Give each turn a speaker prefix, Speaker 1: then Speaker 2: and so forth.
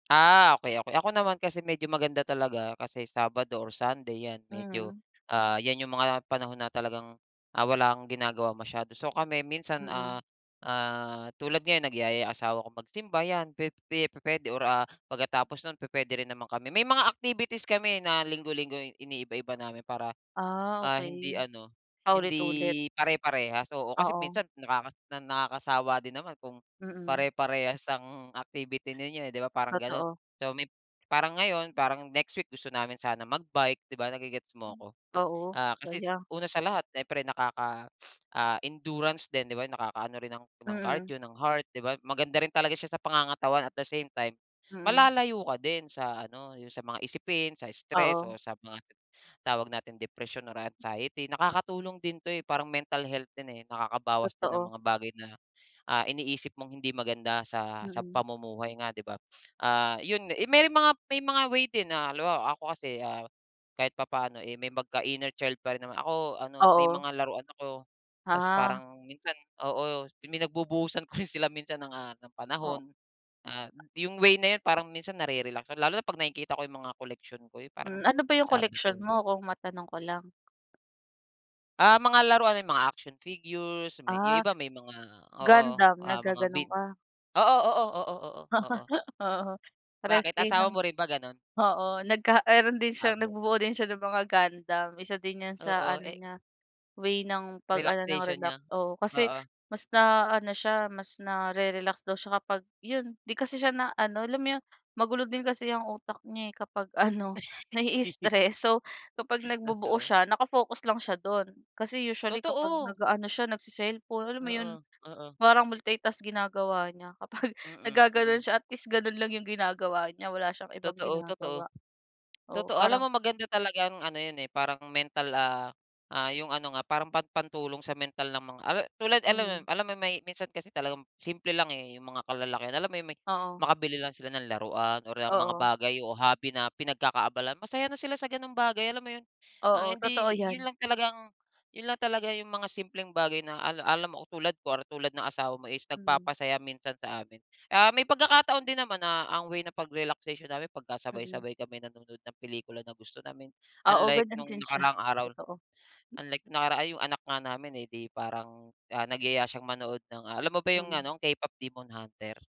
Speaker 1: Ah, okey, okey, ako naman kasi medyo maganda talaga, kasi Sabado or Sunday yan medyo,
Speaker 2: Mhm.
Speaker 1: ah, yan yung mga panahon na talagang, ah, wala kang ginagawa masyado so, kami minsan, ah,
Speaker 2: Mm.
Speaker 1: ah, tulad ngayon nagyayaya asawa ko magsimba yan, pe pe pu-puwede or, ah, pagkatapos nun pu-puwede rin naman kami may mga activities kami na linggo-linggo iniiba-iba namin para,
Speaker 2: Ah,
Speaker 1: ah, hindi
Speaker 2: okey,
Speaker 1: ano
Speaker 2: paulit-ulit?
Speaker 1: hindi pare-parehas oo kasi
Speaker 2: Oo.
Speaker 1: minsan nakaka nakakasawa din naman kung
Speaker 2: Mm.
Speaker 1: pare-parehas ang activity ninyo, eh, di ba, parang ganun.
Speaker 2: Totoo.
Speaker 1: So, may parang ngayon parang next week gusto namin sana mag-bike di ba, nagi-gets mo ako?
Speaker 2: Oo,
Speaker 1: Ah, kasi
Speaker 2: saya.
Speaker 1: una sa lahat siyempre nakaka ah, endurance din di ba nakakaano rin ng ng
Speaker 2: Mm.
Speaker 1: cardio, ng heart, di ba maganda rin talaga siya sa pangangatawan at the same time
Speaker 2: Mm.
Speaker 1: malalayo ka din sa ano yung sa mga isipin, sa stress,
Speaker 2: Oo.
Speaker 1: o sa mga tawag nating depression, or anxiety. Nakakatulong din to, eh, parang mental health din, eh, nakakaba din ang
Speaker 2: Totoo.
Speaker 1: mga bagay na, ah, iniisip mong hindi maganda sa sa
Speaker 2: Mm.
Speaker 1: pamumuhay nga di ba? Ah, yun may mga may mga way din na halimbawa ako kasi kahit papaano, eh, may pagka inner child pa rin naman ako ano may
Speaker 2: Oo.
Speaker 1: mga laruan ako, ta's
Speaker 2: Ah.
Speaker 1: parang minsan oo may pinagbubuhusan ko rin sila minsan ng, ah,
Speaker 2: O
Speaker 1: panahon, ah, yung way na yun parang minsan na-re-relax lalo na pag nakikita ko yung mga koleksyon ko parang
Speaker 2: Hmm, ano ba yung
Speaker 1: sabi
Speaker 2: collection
Speaker 1: ko
Speaker 2: mo kung matanong ko lang?
Speaker 1: Ah, mga laruan may mga action figures, may yung
Speaker 2: Ah
Speaker 1: iba may mga oo,
Speaker 2: Gundam
Speaker 1: ah, mga
Speaker 2: naggaganon
Speaker 1: bit
Speaker 2: ka?
Speaker 1: oo, oo, oo, oo, oo.
Speaker 2: Oo parehas
Speaker 1: Bakit,
Speaker 2: kayo ng
Speaker 1: asawa mo rin ba ganun?
Speaker 2: oo nagka meron din siya
Speaker 1: [unintelligible]
Speaker 2: nagbubuo din siya ng mga Gundam, isa din yan sa
Speaker 1: Oo,
Speaker 2: ano
Speaker 1: eh
Speaker 2: niya, way ng pag ano ng
Speaker 1: Relaxation
Speaker 2: relax
Speaker 1: niya?
Speaker 2: oo, kasi
Speaker 1: Oo.
Speaker 2: mas na ano siya mas nare-relax daw siya kapag yun di kasi siya na ano alam mo yung magulo din kasi ang utak niya, eh, kapag ano nai-stress so kapag nagbubuo
Speaker 1: Totoo.
Speaker 2: siya, naka-focus lang siya dun kasi usually kapag
Speaker 1: Totoo.
Speaker 2: nag-aano siya nagce-cellphone alam mo
Speaker 1: Oo,
Speaker 2: iyon
Speaker 1: oo.
Speaker 2: parang multitask ginagawa niya kapag
Speaker 1: Mm,
Speaker 2: nagaganoon
Speaker 1: mm.
Speaker 2: siya at least ganoon lang iyong ginagawa niya wala siyang ibang
Speaker 1: Totoo, totoo,
Speaker 2: ginagawa, oo
Speaker 1: totoo, alam
Speaker 2: parang
Speaker 1: mo maganda talagang ano yun, eh, parang mental, ah, ah, yung ano nga parang pan pantulong sa mental ng mga tulad alam
Speaker 2: Mhm.
Speaker 1: alam mo yun may minsan kasi talagang simple lang, eh, yung mga kalalakihan alam mo yung may
Speaker 2: Oo.
Speaker 1: makabili lang sila ng laruan or, um, mga
Speaker 2: Oo.
Speaker 1: bagay o hobby na pinagkakaabalahan, masaya na sila sa ganong bagay alam mo yun? Ang
Speaker 2: Oo, totoo
Speaker 1: hindi
Speaker 2: yan.
Speaker 1: yun lang talagang yun lang talaga yung mga simpleng bagay na ala alam mo tulad ko tulad ng asawa mo is
Speaker 2: Mhm.
Speaker 1: nagpapasaya minsan sa amin. Ah, may pagkakataon din naman na ang way ng pag-relaxation namin
Speaker 2: Mm.
Speaker 1: pagkasabay-sabay kami nanonood ng pelikula na gusto namin,
Speaker 2: Oo,
Speaker 1: unlike
Speaker 2: ganyan
Speaker 1: nung
Speaker 2: din siya,
Speaker 1: nakaraang araw
Speaker 2: totoo.
Speaker 1: unlike nakaraan yung anak nga namin, eh, di parang, ah, nagyaya siya manood ng alam mo ba yung
Speaker 2: Mm.
Speaker 1: ano, K-pop Demon Hunter?